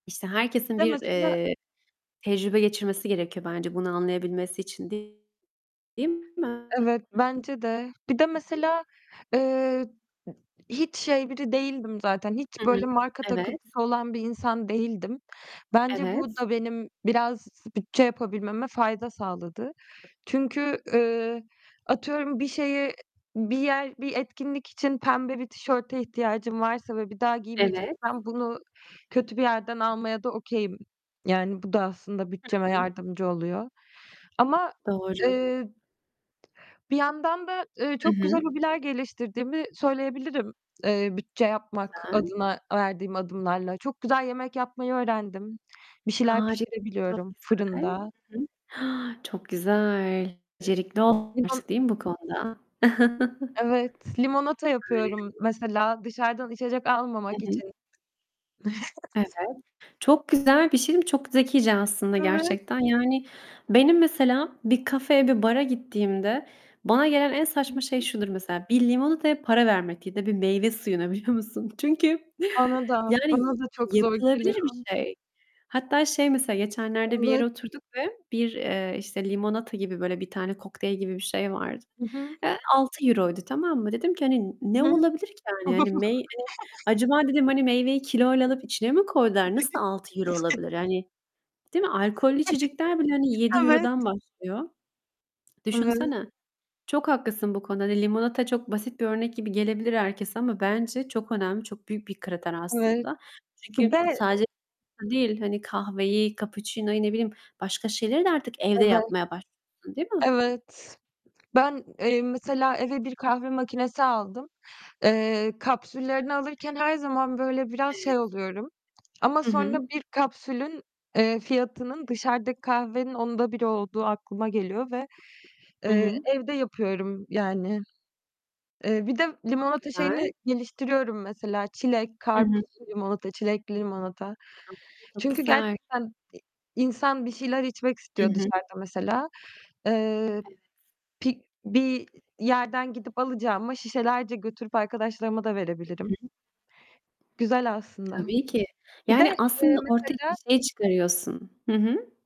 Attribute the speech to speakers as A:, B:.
A: İşte, herkesin
B: Bir de
A: bir,
B: mesela
A: eee, tecrübe geçirmesi gerekiyor bence bunu anlayabilmesi için. Değil mi? I
B: Evet, bence de. Bir de
A: hı.
B: mesela, eee, hiç şey biri değildim zaten; hiç
A: Hı hı.
B: böyle marka
A: Evet.
B: takıntısı olan bir insan değildim. Bence bu
A: Evet.
B: da benim biraz bütçe yapabilmeme fayda sağladı. Çünkü, eee, atıyorum bir şeye, bir yer, bir etkinlik için pembe bir tişörte ihtiyacım varsa ve bir daha
A: Evet.
B: giymeyeceksem bunu kötü bir yerden almaya da okay'im. Yani bu da aslında bütçeme
A: Hı hı.
B: yardımcı oluyor. Ama,
A: Doğru.
B: eee, bir yandan da, eee,
A: Hı
B: çok güzel
A: hı.
B: hobiler geliştirdiğimi söyleyebilirim. Eee, bütçe yapmak
A: Güzel.
B: adına verdiğim adımlarla. Çok güzel yemek yapmayı öğrendim. Bir şeyler
A: Hari Çok
B: pişirebiliyorum
A: güzel.
B: fırında.
A: Hı hı. Çok güzel.
B: Eee,
A: Becerikli
B: limon
A: [unintelligible] değil mi bu konuda?
B: Evet, limonata yapıyorum
A: Harika.
B: mesela dışarıdan içecek
A: Hı
B: almamak
A: hı.
B: için.
A: Evet. Çok güzel bir şey diyeyim mi? Çok zekice aslında
B: Evet.
A: gerçekten. Yani benim mesela bir kafeye, bir bara gittiğimde bana gelen en
B: Hı
A: saçma şey
B: hı.
A: şudur mesela: Bir limonataya para vermek ya da bir meyve suyuna, biliyor musun? Çünkü,
B: Bana da.
A: yani, y
B: Bana da çok zor geliyor.
A: yapılabilir bir şey. Hatta şey mesela, geçenlerde bir yere
B: Evet.
A: oturduk ve bir, eee, işte, limonata gibi böyle bir tane kokteyl gibi bir şey vardı.
B: I hı.
A: Eee, €6, tamam mı? Dedim ki, hani, "Ne
B: I hı.
A: olabilir ki yani?" Hani, meyve "Acaba" dedim, hani, "Meyveyi kiloyla alıp içine mi koydular? Nasıl €6 olabilir, yani?" Değil mi? Alkollü içecekler bile, hani, yedi
B: Evet.
A: euro'dan başlıyor.
B: [unintelligible]
A: Düşünsene. Çok haklısın bu konuda. Hani, limonata çok basit bir örnek gibi gelebilir herkese ama bence çok önemli, çok büyük bir kriter
B: [unintelligible]
A: aslında. Çünkü
B: Be
A: sadece [unintelligible] değil, hani, kahveyi, cappuccino'yu ne bileyim, başka şeyleri de artık evde
B: Evet.
A: yapmaya başlıyorsun, değil mi?
B: Evet. Ben, eee, mesela eve bir kahve makinesi aldım. Eee, kapsüllerini alırken her zaman böyle biraz
A: Evet.
B: şey oluyorum ama
A: I
B: sonra
A: hı.
B: bir kapsülün, eee, fiyatının dışarıdaki kahvenin 10'da 1'i olduğu aklıma geliyor ve,
A: Hı
B: eee,
A: hı.
B: evde yapıyorum, yani. Eee, bir de
A: Çok
B: limonata şeyini
A: güzel.
B: geliştiriyorum mesela; çilek,
A: Hı hı.
B: karpuzlu limonata, çilekli limonata.
A: [unintelligible] Çok
B: Çünkü
A: güzel.
B: gerçekten i insan bir şeyler içmek
A: Hı
B: istiyor
A: hı.
B: dışarıda mesela. Eee,
A: Evet.
B: pi bir yerden gidip alacağıma şişelerce götürüp arkadaşlarıma da
A: Hı hı.
B: verebilirim. Güzel aslında.
A: Tabii ki.
B: Bir de,
A: Yani
B: eee,
A: aslında ortaya bir
B: mesela
A: şey çıkarıyorsun. Hı hı.